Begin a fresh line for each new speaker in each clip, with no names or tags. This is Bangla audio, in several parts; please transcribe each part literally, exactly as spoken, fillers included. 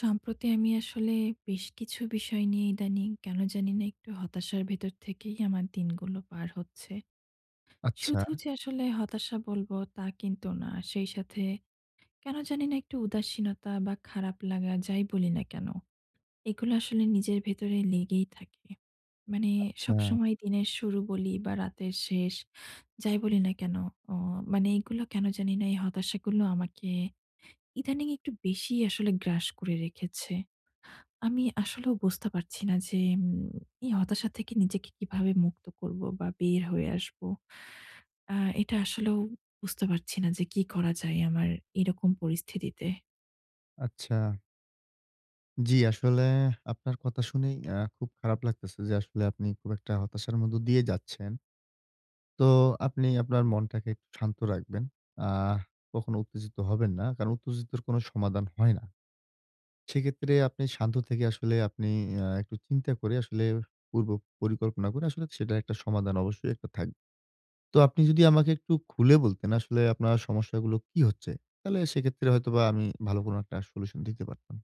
সম্প্রতি আমি আসলে বেশ কিছু বিষয় নিয়ে ইদানিং কেন জানি না একটু হতাশার ভেতর থেকেই আমার দিনগুলো পার হচ্ছে।
আচ্ছা।
শুধু যে আসলে হতাশা বলব, তা কিন্তু না। সেই সাথে কেনো জানি না একটু উদাসীনতা বা খারাপ লাগা যাই বলি না কেনো, এগুলি আসলে নিজের ভেতরে লেগেই থাকে। মানে
আচ্ছা।
সবসময় দিনের শুরু বলি, বা রাতের শেষ, যাই বলি না কেনো? অ মানে এইগুলো কেনো জানিনা এই হতাশাগুলো আমাকে ইদানিং একটু বেশিই আসলে গ্রাস করে রেখেছে। আমি আসলেও বুঝতে পারছি না যে, উম এই হতাশা থেকে নিজেকে কীভাবে মুক্ত করব, বা বের হয়ে আসবো। আ এটা আসলেও বুঝতে পারছি না যে কি করা যায় আমার এরকম পরিস্থিতিতে।
আচ্ছা। জি আসলে আপনার কথা শুনেই আ খুব খারাপ লাগতেছে যে আসলে আপনি খুব একটা হতাশার মধ্য দিয়ে যাচ্ছেন। তো আপনি আপনার মনটাকে একটু শান্ত রাখবেন। আ কখনো উত্তেজিত হবেন না। কারণ উত্তেজিতর কোনো সমাধান হয় না। সেইক্ষেত্রে আপনি শান্ত থেকে আসলে আপনি অ্যা একটু চিন্তা করে আসলে পূর্ব পরিকল্পনা করে আসলে সেটার একটা সমাধান অবশ্যই একটা থাক তো আপনি যদি আমাকে একটু খুলে বলতেন, আসলে আপনার সমস্যাগুলো কি হচ্ছে? তালে সেইক্ষেত্রে হয়তোবা আমি ভালো কোনো একটা ষলুশণ দিতে পারতাম।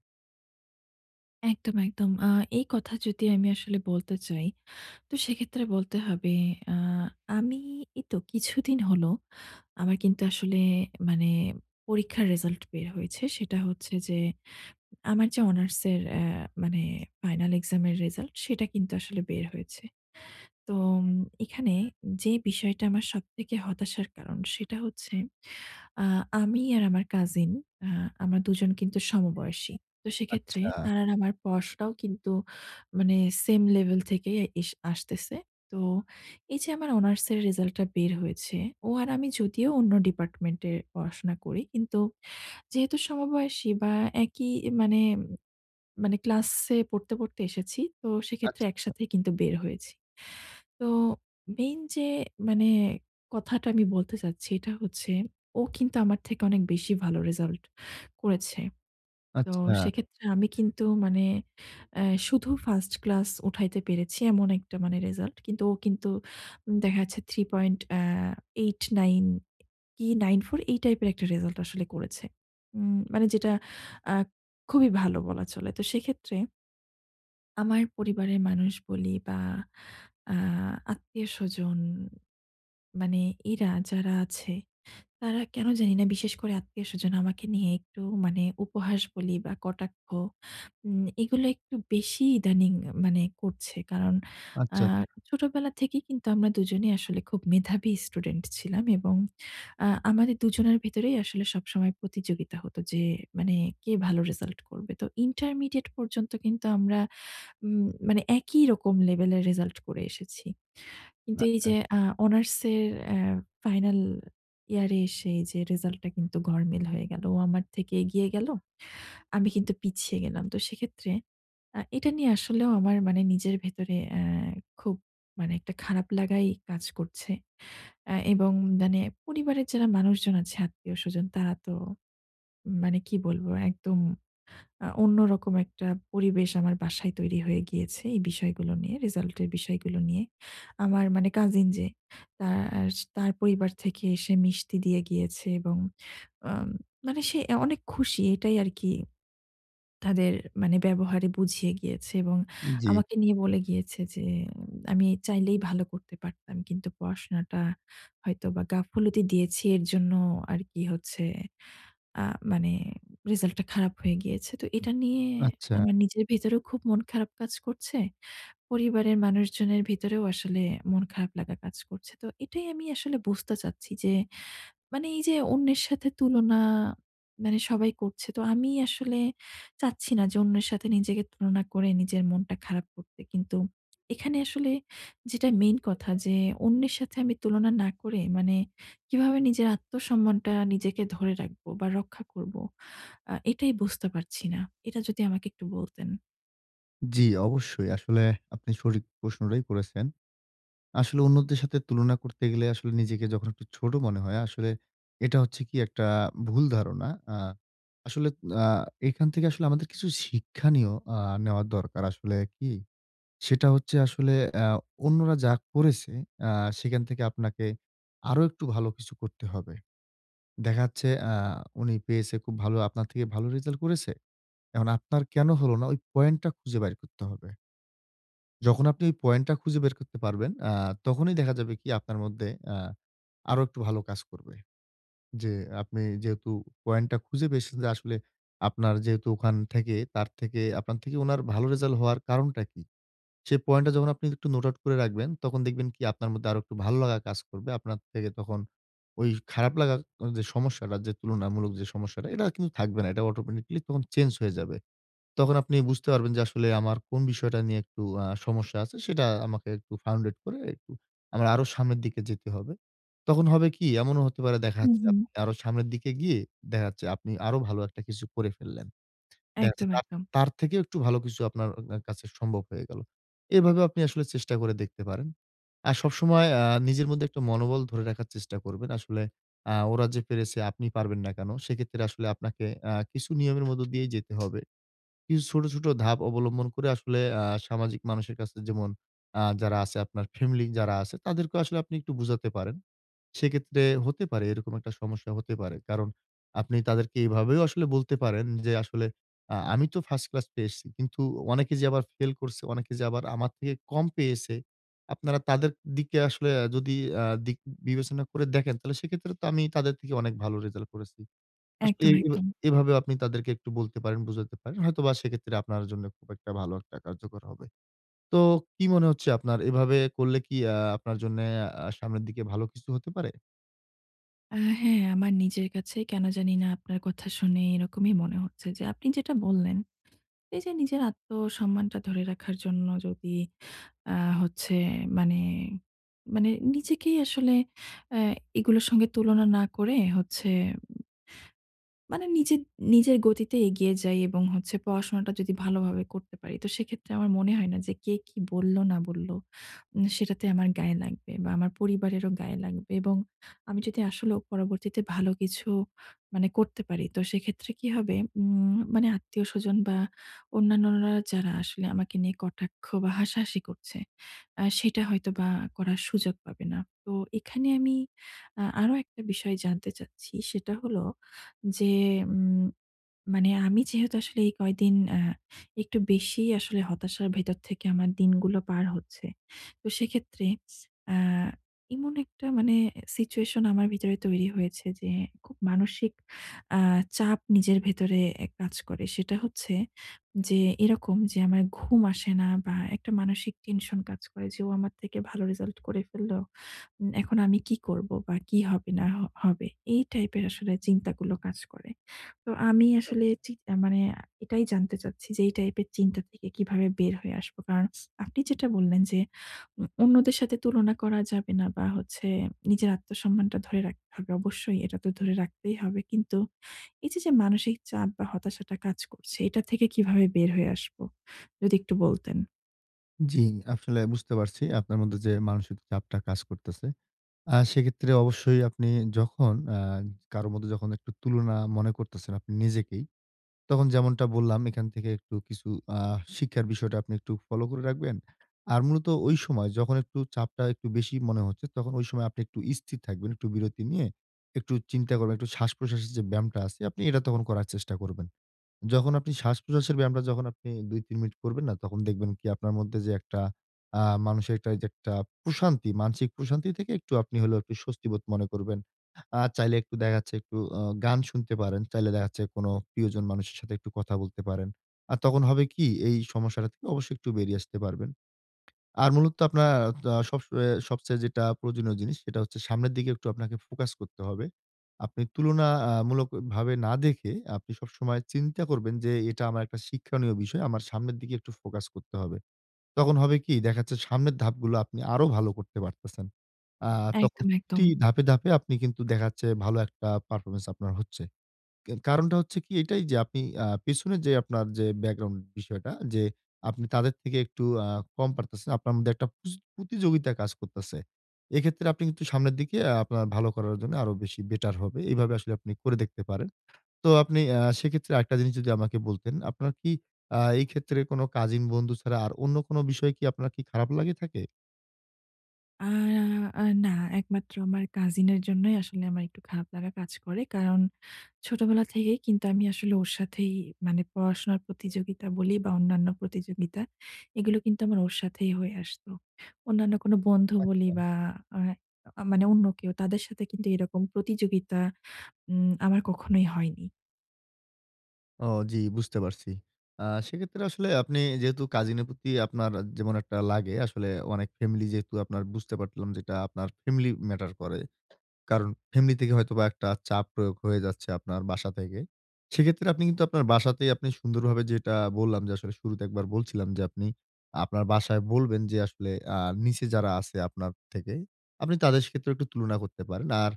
একদম, একদম। আ এই কথা যদি আমি আসলে বলতে চাই, তো সেক্ষেত্রে বলতে হবে, আ আমি এইতো কিছুদিন হলো আমার কিন্তু আসলে মানে পরীক্ষার রেজাল্ট বের হয়েছে। সেটা হচ্ছে যে আমার যে অনার্সের অ্যা মানে ফাইনাল এক্সাম এর রেজাল্ট সেটা কিন্তু আসলে বের হয়েছে। তোম এখানে যে বিষয়টা আমার সবথেকে হতাশার কারণ সেটা হচ্ছে আ আমি আর আমার কাজিন আ আমার দুজন কিন্তু সমবয়সী। তো সেক্ষেত্রে
আচ্ছা।
তার আর আমার পড়াশোনাও কিন্তু মানে same level থেকেই এস আসতেছে। তো এই যে আমার অনার্স এর রেজাল্টটা বের হয়েছে ও আর আমি যদিও অন্য ডিপার্টমেন্ট এ পড়াশোনা করি। কিন্তু যেহেতু সমবয়সী বা একই মানে মানে ক্লাসে পড়তে, পড়তে এসেছি। তো সেক্ষেত্রে
আচ্ছা।
একসাথে কিন্তু বের হয়েছি। তো মেইন যে মানে কথাটা আমি বলতে চাচ্ছি এটা হচ্ছে ও কিন্তু আমার থেকে অনেক বেশি ভালো রেজাল্ট করেছে। তো
আচ্ছা।
সেক্ষেত্রে আমি কিন্তু মানে অ্যা শুধু ফার্স্ট ক্লাস উঠাইতে পেরেছি এমন একটা মানে রেজাল্ট। কিন্তু ও কিন্তু দেখা যাচ্ছে three point. অ্যা eight nine কি nine four এই টাইপের একটা রেজাল্ট আসলে করেছে। উম মানে যেটা আ খুবই ভালো বলা চলে তো সেক্ষেত্রে আমার পরিবারের মানুষ বলি বা আ আত্মীয়স্বজন মানে এরা যারা আছে। তারা কেন জানিনা বিশেষ করে আত্মীয় স্বজন আমাকে নিয়ে একটু মানে উপহাস বলি বা কটাক্ষ। উম এগুলা একটু বেশি ইদানিং মানে করছে। কারণ আ
আচ্ছা।
ছোটবেলা থেকেই কিন্তু আমরা দুজনেই আসলে খুব মেধাবী স্টুডেন্ট ছিলাম। এবং আ আমাদের দুজনের ভিতরেই আসলে সবসময় প্রতিযোগিতা হত। যে মানে কে ভালো রেজাল্ট করবে। তো ইন্টারমিডিয়েট পর্যন্ত কিন্তু আমরা উম মানে একই রকম লেভেলের রেজাল্ট করে এসেছি। কিন্তু এই
আচ্ছা।
যে আ অনার্সের অ্যা ফাইনাল ইয়ার এ এসে যে রেজাল্ট টা কিন্তু গড়মেল হয়ে গেল। ও আমার থেকে এগিয়ে গেল। আমি কিন্তু পিছিয়ে গেলাম। তো সেক্ষেত্রে আ এটা নিয়ে আসলেও আমার মানে নিজের ভেতরে অ্যা খুব মানে একটা খারাপ লাগাই কাজ করছে। অ্যা এবং মানে পরিবারের যারা মানুষজন আছে আত্মীয়স্বজন তারা তো মানে কি বলবো? একদম আ অন্যরকম একটা পরিবেশ আমার বাসায় তৈরি হয়ে গিয়েছে। এই বিষয়গুলো নিয়ে। রেজাল্ট এর বিষয়গুলো নিয়ে। আমার মানে কাজিন যে তার তার পরিবার থেকে এসে মিষ্টি দিয়ে গিয়েছে এবং আ মানে সে অ্যা অনেক খুশি। এটাই আরকি তাদের মানে ব্যবহারে বুঝিয়ে গিয়েছে এবং
জ্বি।
আমাকে নিয়ে বলে গিয়েছে যে আমি চাইলেই ভালো করতে পারতাম। কিন্তু পড়াশোনাটা হয়তো বা গাফুলতি দিয়েছি এর জন্য আর কি হচ্ছে আ মানে রেজাল্ট টা খারাপ হয়ে গিয়েছে। তো এটা নিয়ে
আচ্ছা।
আমার নিজের ভেতরেও খুব মন খারাপ কাজ করছে। পরিবারের মানুষজনের ভিতরেও আসলে মন খারাপ লাগা কাজ করছে। তো এটাই আমি আসলে বুঝতে চাচ্ছি যে মানি এই যে অন্যের সাথে তুলনা মানে সবাই করছে। তো আমি আসলে চাচ্ছি না যে অন্যের সাথে নিজেকে তুলনা করে নিজের মনটা খারাপ করতে। কিন্তু এখানে আসলে যেটা মেইন কথা যে অন্যের সাথে আমি তুলনা, না করে, মানে কিভাবে নিজের আত্মসম্মানটা নিজেকে ধরে রাখবো? বা রক্ষা করব? আ এটাই বুঝতে পারছি না। এটা যদি আমাকে একটু বলতেন?
জি অবশ্যই। আসলে আপনি সঠিক প্রশ্নডাই করেছেন। আসলে অন্যদের সাথে তুলনা করতে গেলে আসলে নিজেকে যখন একটু ছোট মনে হয় আসলে এটা হচ্ছে কি একটা ভুল ধারণা। আ আসলে আ এখান থেকে আসলে আমাদের কিছু শিক্ষাণীয় আ নেওয়া দরকার আসলে কি, সেটা হচ্ছে আসলে অ্যা অন্যরা যা করেছে আ সেখান থেকে আপনাকে আরো একটু ভালো কিছু করতে হবে। দেখাচ্ছে অ্যা উনি পেয়েছে খুব ভালো আপনার থেকে ভালো result করেছে? এহন আপনার কেন হলো না ওই point টা খুঁজে বাইর করতে হবে। যখন আপনি ওই point টা খুঁজে বের করতে পারবেন, আ তখনই দেখা যাবে কি আপনার মধ্যে অ্যা আরো একটু ভালো কাজ করবে। যে আপনি যেহেতু point টা খুঁজে পেয়েসেন যে আসলে আপনার যেহেতু ওখান থেকে, তার থেকে, আপনার থেকে ওনার ভালো resal হওয়ার কারণটা কি? সে point টা যখন আপনি একটু note out করে রাখবেন, তখন দেখবেন কি আপনার মধ্যে আরো একটু ভালো লাগা কাজ করবে। আপনার থেকে তখন ওই খারাপ লাগার আ যে সমস্যাডা যে তুলনামূলক যে সমস্যাটা এডা কিন্তু থাকবে না। এটা automatically তখন change হয়ে যাবে। তখন আপনি বুঝতে পারবেন যে, "আসলে আমার কোন বিষয়টা নিয়ে একটু আ সমস্যা আছে সেটা আমাকে একটু founded করে একটু আমরা আরো সামনের দিকে যেতে হবে।" তখন হবে কি? এমনও হতে পারে দেখা
হুম,
যাচ্ছে
হুম।
আপনাকে আরো সামনের দিকে গিয়ে দেখা যাচ্ছে আপনি আরো ভালো একটা কিছু করে ফেললেন। দেখাচ্ছে
একদম,
তার
একদম।
তার থেকেও একটু ভালো কিছু আপনার অ অ্যা কাছে সম্ভব হয়ে গেল। এভাবে আপনি আসলে চেষ্টা করে দেখতে পারেন। আর সবসময় আ নিজের মধ্যে একটু মনোবল ধরে রাখার চেষ্টা করবেন। আসলে আ ওরা যে পেরেছে আপনি পারবেন না কেন? সেক্ষেত্রে আসলে আপনাকে আ কিছু নিয়মের মধ্যে দিয়েই যেতে হবে। কিছু ছোট, ছোট ধাপ অবলম্বন করে আসলে আ সামাজিক মানুষের কাছে যেমন আ যারা আছে আপনার family যারা আছে তাদেরকেও আসলে আপনি একটু বুঝাতে পারেন। সেক্ষেত্রে হতে পারে এরকম একটা সমস্যা হতে পারে। কারণ আপনি তাদেরকে এভাবেও আসলে বলতে পারেন যে, "আসলে আ আমি তো first class পেয়ে এসছি কিন্তু অনেকে যে আবার ফেল করছে, অনেকে যে আবার আমার থেকে কম পেয়েছে, আপনারা তাদের দিকে আসলে আ যদি আ দিক বিবেচনা করে দেখেন তাহলে সেক্ষেত্রে তো আমি তাদের থেকে অনেক ভালো result করেছি।" আসলে
একদম,
এ
একদম।
এভাবেও আপনি তাদেরকে একটু বলতে পারেন, বুঝাতে পারেন। হয়তোবা সেক্ষেত্রে আপনার জন্য খুব একটা ভালো একটা কার্যকর হবে। তো কি মনে হচ্ছে আপনার এভাবে করলে কি আ আপনার জন্যে আ সামনের দিকে ভালো কিছু হতে পারে?
আ হ্যাঁ, আমার নিজের কাছে কেন জানি না আপনার কথা শুনে এরকমই মনে হচ্ছে যে আপনি যেটা বললেন, এই যে নিজের আত্মসম্মানটা ধরে রাখার জন্য যদি আ হচ্ছে মানে, মানে নিজেকেই আসলে অ্যা এগুলোর সঙ্গে তুলনা না করে হচ্ছে উম মানে নিজে নিজের গতিতে এগিয়ে যাই এবং হচ্ছে পড়াশোনাটা যদি ভালোভাবে করতে পারি। তো সেক্ষেত্রে আমার মনে হয় না যে কে, কি বললো? না বলল? উম সেটাতে আমার গায়ে লাগবে বা আমার পরিবারেরও গায়ে লাগবে এবং আমি যদি আসলেও পরবর্তীতে ভালো কিছু মানে করতে পারি তো সেক্ষেত্রে কি হবে? উম মানে আত্মীয়স্বজন বা অন্যান্যরা যারা আসলে আমাকে নিয়ে কটাক্ষ বা হাসাহাসি করছে, আ সেটা হয়তো বা করার সুযোগ পাবে না। তো এখানে আমি আ আরো একটা বিষয় জানতে চাচ্ছি সেটা হলো যে, উম মানে আমি যেহেতু আসলে এই কয়দিন আ একটু বেশি আসলে হতাশার ভেতর থেকে আমার দিনগুলো পার হচ্ছে। তো সেক্ষেত্রে আ এমন একটা মানে situation আমার ভিতরে তৈরি হয়েছে যে খুব মানসিক আ চাপ নিজের ভেতরে এ কাজ করে। সেটা হচ্ছে যে, এরকম যে আমার ঘুম আসে না বা একটা মানসিক tension কাজ করে যে, "ও আমার থেকে ভালো result করে ফেলল! উম এখন আমি কি করব? বা কি হবে না হ হবে!" এই টাইপের আসলে চিন্তাগুলো কাজ করে। তো আমি আসলে
আচ্ছা।
চি আ মানে আ এটাই জানতে চাচ্ছি যে এই type এর চিন্তা থেকে কিভাবে বের হয়ে আসব? কারণ আপনি যেটা বললেন যে, "উম অন্যদের সাথে তুলনা করা যাবে না বা হচ্ছে নিজের আত্মসম্মানটা ধরে রাখতে হবে।" অবশ্যই এটা তো ধরে রাখতেই হবে। কিন্তু এই যে, যে মানসিক চাপ বা হতাশাটা কাজ করছে। এটা থেকে কিভাবে বের হয়ে আসব? যদি একটু বলতেন।
জি, আফসলে বুঝতে পারছি আপনার মধ্যে, যে মানসিক চাপটা কাজ করতেছে। আ সেইক্ষেত্রে অবশ্যই আপনি যখন আ কারো মধ্যে যখন একটু তুলনা মনে করতেছেন আপনি নিজেকেই। তখন যেমনটা বললাম এইখান থেকে একটু কিছু আ শিক্ষার বিষয়টা আপনি একটু ফলো করে রাখলেন। আর মূলত ঐ সময় যখন একটু চাপটা একটু বেশি মনে হচ্ছে, তখন ঐ সময় আপনি একটু স্থির থাকবেন। একটু বিরতি নিয়ে একটু চিন্তা করবেন একটু শ্বাসপ্রশ্বাসের যে ব্যায়ামটা আছে আপনি এইটা তখন করার চেষ্টা করবেন। যখন আপনি শ্বাসপ্রশ্বাসের ব্যায়ামটা যখন আপনি দুই তিন মিনিট করবেন না, তখন দেখবেন কি? আপনার মধ্যে, যে একটা আ মানুষের একটা এইযে একটা প্রশান্তি মানসিক প্রশান্তি থেকে একটু আপনি হলেও একটু স্বস্তিবোধ মনে করবেন। আ চাইলে একটু দেখা যাচ্ছে একটু অ গান শুনতে পারেন, চাইলে দেখা যাচ্ছে কোনো প্রিয়জন মানুষের সাথে একটু কথা বলতে পারেন। আ তখন হবে কি? এই সমস্যাটা থেকে অবশ্যই একটু বেরিয়ে আসতে পারবেন। আর মূলত আপনার আ ত সবস এ সবচেয়ে যেইটা প্রয়োজনীয় জিনিস সেইটা হচ্ছে সামনের দিকে একটু আপনাকে ফোকাস করতে হবে। আপনি তুলনা আ মূলক ভাবে না দেখে আপনি সবসময়ে চিন্তা করবেন যে, "এইটা আমার একটা শিক্ষণীয় বিষয়। আমার সামনের দিকে একটু ফোকাস করতে হবে।" তখন হবে কি? দেখা যাচ্ছে সামনের ধাপগুলো আপনি আরো ভালো করতে পারতেছেন। আ তখন
একদম, একদম।
প্রতি ধাপে, ধাপে আপনি কিন্তু দেখা যাচ্ছে ভালো একটা পারফরম্যান্স আপনার হচ্ছে। কে কারণটা হচ্ছে কি এইটাই যে আপনি আ পেছনে যে আপনার যে ব্যাকগ্রাউন্ড বিষয়টা যে আপনি তাদের থেকে একটু আ কম পারতেছেন। আপনার মধ্যে একটা পুচ পুতিযোগিতা কাজ করতেছে। এইক্ষেত্রে আপনি কিন্তু সামনের দিকে আ আপনার ভালো করার জন্য আরো বেশি বেটার হবে। এইভাবে আসলে আপনি করে দেখতে পারেন। তো আপনি আ সেইক্ষেত্রে আরেকটা জিনিস যদি আমাকে বলতেন, আপনার কি আ এই ক্ষেত্রে কোনো কাজিন বন্ধু ছাড়া আর অন্য কোনো বিষয় কি আপনার কি খারাপ লাগি থাকে?
অ্যা আ না একমাত্র আমার cousin এর জন্যই আসলে আমার একটু খারাপ লাগা কাজ করে। কারণ ছোটবেলা থেকেই কিন্তু আমি আসলে ওর সাথেই মানে পড়াশোনার প্রতিযোগিতা বলি বা অন্যান্য প্রতিযোগিতা, এগুলো কিন্তু আমার ওর সাথেই হয়ে আসত। অন্যান্য কোন বন্ধু বলি
আচ্ছা।
বা আ আ মানে অন্য কেউ তাদের সাথে কিন্তু এরকম প্রতিযোগিতা উম আমার কখনোই হয়নি।
ও, জি, বুঝতে পারছি। অ্যাঁ সেক্ষেত্রে আসলে আপনি যেহেতু cousin এর প্রতি আপনার যেমন একটা লাগে, আসলে অনেক family যেহেতু আপনার বুঝতে পাটলাম যেটা আপনার family matter করে। কারণ family থেকে হয়তোবা একটা চাপ প্রয়োগ হয়ে যাচ্ছে আপনার বাসা থেকে। সেক্ষেত্রে আপনি কিন্তু আপনার বাসাতেই আপনি সুন্দরভাবে যেটা বললাম, যে আসলে শুরুতে একবার বলছিলাম যে, আপনি আপনার বাসায় বলবেন যে আসলে অ্যা নিচে যারা আছে আপনার থেকে, আপনি তাদের সাথেও একটু তুলনা করতে পারেন। আর,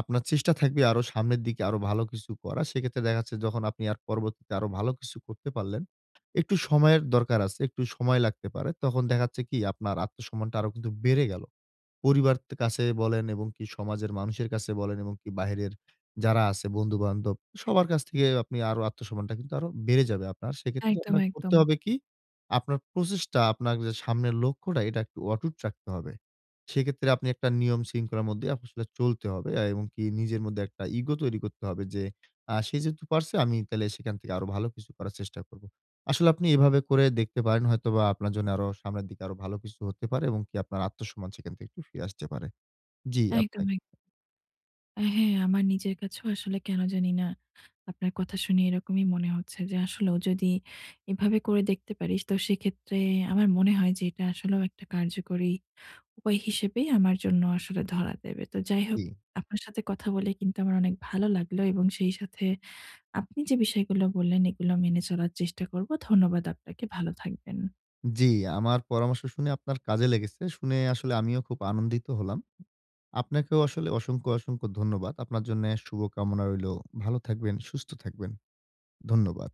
আপনার চেষ্টা থাকবে আরো সামনের দিকে আরো ভালো কিছু করার। সেক্ষেত্রে দেখা যাচ্ছে যখন আপনি আর পরবর্তীতে আরো ভালো কিছু করতে পারলেন, একটু সময়ের দরকার আছে, একটু সময় লাগতে পারে। তখন দেখা যাচ্ছে কি আপনার আত্মসম্মানটা আরো কিন্তু বেড়ে গেল। পরিবার তে কাছে বলেন এবং কি সমাজের মানুষের কাছে বলেন এবং কি বাহিরের যারা আছে বন্ধু বান্ধব, সবার কাছ থেকে আপনি আরো আত্মসম্মানটা কিন্তু আরো বেড়ে যাবে আপনার। সেক্ষেত্রে
একদম,
আপনাকে করতে
একদম।
হবে কি? আপনার প্রচেষ্টা, আপনার যে সামনের লক্ষ্যটা, এটা একটু অটুট রাখতে হবে। সেক্ষেত্রে আপনি একটা নিয়ম শৃঙ্খলার মধ্যে আপনি আসলে চলতে হবে আ এবং কি নিজের মধ্যে একটা ego তৈরি করতে হবে যে, আ "সে যেহেতু পারছে, আমি তাইলে সেখান থেকে আরো ভালো কিছু করার চেষ্টা করব।" আসলে আপনি এভাবে করে দেখতে পারেন হয়তোবা আপনার জন্য আরো সামনের দিকে আরো ভালো কিছু হতে পারে এবং কি আপনার আত্মসম্মান সেখান থেকে একটু ফিরে আসতে পারে। জি
একদম,
আপনি
একদম। হ্যাঁ, আমার নিজের কাছেও আসলে কেন জানি না, আপনার কথা শুনে এরকমই মনে হচ্ছে যে আসলেও যদি এভাবে করে দেখতে পারিস, তো সেক্ষেত্রে আমার মনে হয় যে এটা আসলেও একটা কার্যকরী উপায় হিসেবেই আমার জন্য আসলে ধরা দেবে। তো যাই হোক
জি।
আপনার সাথে কথা বলে কিন্তু আমার অনেক ভালো লাগলো এবং সেই সাথে আপনি যে বিষয়গুলো বললেন, এগুলো মেনে চলার চেষ্টা করব। ধন্যবাদ আপনাকে। ভালো থাকবেন।
জি, আমার পরামর্শ শুনে আপনার কাজে লেগেছে। শুনে আসলে আমিও খুব আনন্দিত হলাম। আপনাকেও আসলে অসংখ্য, অসংখ্য ধন্যবাদ। আপনার জন্যে শুভ কামনা রইলো। ভালো থাকবেন, সুস্থ থাকবেন। ধন্যবাদ।